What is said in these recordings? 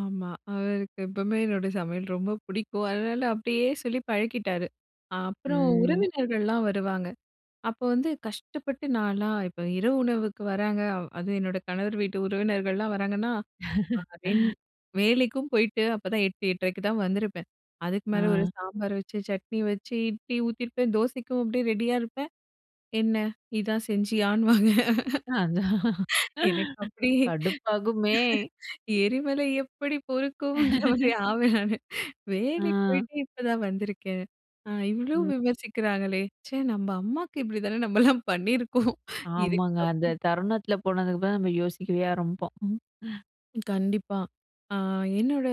ஆமா. அவருக்கு எப்பவுமே என்னோட சமையல் ரொம்ப பிடிக்கும். அதனால அப்டியே சொல்லி பழக்கிட்டாரு. அப்புறம், ம். உறவினர்கள்லாம் வருவாங்க. அப்போ வந்து கஷ்டப்பட்டு நான்லாம் இப்ப இரவு உணவுக்கு வர்றாங்க அதும் என்னோட கணவர் வீட்டு உறவினர்கள்லாம் வராங்கன்னா, அ ரெண் வேலைக்கும் போயிட்டு அப்போதான் 8:00, 8:30க்கு தான் வந்திருப்பேன். அதுக்கு மேல ஒரு அ. சாம்பார் வச்சு, சட்னி வச்சு, இட்லி ஊத்தியிருப்பேன், தோசைக்கும் அப்டியே ரெடியா இருப்பேன், "என்ன? இதான் செஞ்சியான்னுவாங்க. அதான். எனக்கு அப்டி கடுப்பாகுமே! எரிமலை எப்டி பொறுக்கும்ன்ற மாரி ஆவேன் நானு. "வேலைக்கு அ. போயிட்டு இப்பதான் வந்திருக்கேன். அ இவ்ளோ ம். விமர்சிக்கிறாங்களே! ச்சே, நம்ம அம்மாவுக்கு இப்படி தானே நம்மலாம் பண்ணியிருப்கோம்" ஆமாங்க. இதுக்கப் அந்த தருணத்தில போனதுக்கு தான் நம்ம யோசிக்கவே ஆரம்பிப்போம். கண்டிப்பா! அ, என்னோட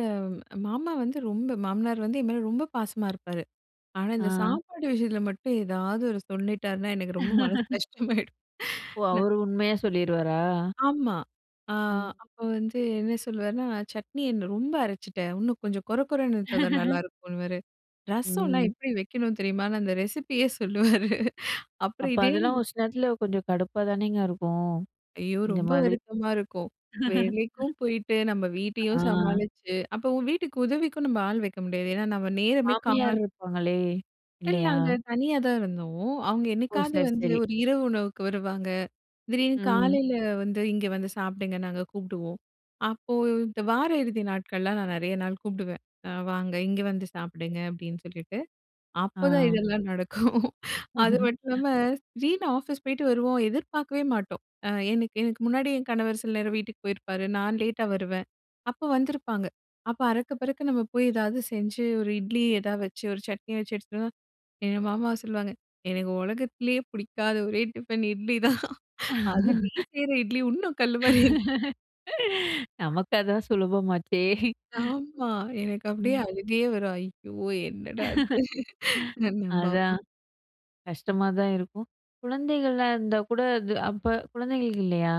அ மாமா வந்து ரொம்ப மாமனார் வந்து என் மேல ரொம்ப பாசமா இருப்பாரு, ஆனா இந்த அ. சாப்பாடு விஷயத்தில மட்டும் ஏதாவது ஒரு சொல்லிட்டார்னா, எனக்கு ரொம்ப மனசு கஷ்டமாயிடும்! ஓ! ந அவரு உண்மையா சொல்லிருவாரா? ஆமா. அ ம். அப்போ வந்து என்ன சொல்லுவாருன்னா, சட்னி என்ன ரொம்ப அரைச்சுட்டேன் இன்னும் கொஞ்சம் கொர கொர இருந்தா தான் நல்லாயிருக்குன்னுவாரு, ரசம்லாம் ம். எப்படி வைக்கணும் தெரியுமான்னு அந்த ரெசிப்பியே சொல்லுவாரு! அப்புறம் அப்ப இதே அதெல்லாம் ஒரு சில நேரத்தில கொஞ்சம் கடுப்பா தானேங்க இருக்கும்! ஐயோ! இந்த ரொம்ப மாதிரி வருத்தமா இருக்கும். வேலைக்கும் போயிட்டு, நம்ம வீட்டையும் அ. சமாளிச்சு, அப்போ உ வீட்டுக்கு உதவிக்கும் நம்ம ஆள் வைக்க முடியாது. ஏன்னா நம்ம நேரமே கா மாமியார் இருப்பாங்களே இல்ல, இல்லையா? அங்க தனியா தான் இருந்தோம். அவங்க ஓ! என்னைக்காவது சரி, வந்து சரி. ஒரு இரவு உணவுக்கு வருவாங்க. திடீர்னு ம். காலைல வந்து இங்க வந்து சாப்பிடுங்க நாங்க கூப்பிடுவோம். அப்போ இந்த வார இறுதி நாட்கள்லாம் நான் நெறைய நாள் கூப்பிடுவேன். "அ வாங்க இங்க வந்து சாப்பிடுங்க!" அப்படின்னு சொல்லிட்டு, அப்ப தான் அ. இதெல்லாம் நடக்கும். அது மட்டும் இல்லாம, திடீர்ன்னு ஆஃபீஸ் போயிட்டு வருவோம். எதிர்பார்க்கவே மாட்டோம். அ எனக்கு எனக்கு முன்னாடி என் கணவர் சில நேரம் வீட்டுக்கு போயிருப்பாரு. நான் லேட்டா வருவேன். அப்ப வந்திருப்பாங்க. அப்போ அறக்க பறக்க நம்ம போய் ஏதாவது செஞ்சு, ஒரு இட்லி எதாவது வச்சு ஒரு சட்னி வச்சு எடுத்து வந்தா, எங்க மாமா சொல்லுவாங்க "எனக்கு உலகத்திலேயே பிடிக்காத ஒரே டிஃபன் இட்லி தான்! அதுவும் நீ செய்ற இட்லி இன்னும் கல்லு மாதிரி இருக்கு" நமக்கு அதுதான் சுலபம் ஆச்சே! ஆமா. எனக்கு அப்டியே ம். அழுகையே வரும். ஐயோ! என்னடா அது. என்னன்னு அதான். பார்ப்போம். கஷ்டமா தான் இருக்கும். குழந்தைகள்லாம் இருந்தா கூட அது அப்ப குழந்தைகள் இல்லையா?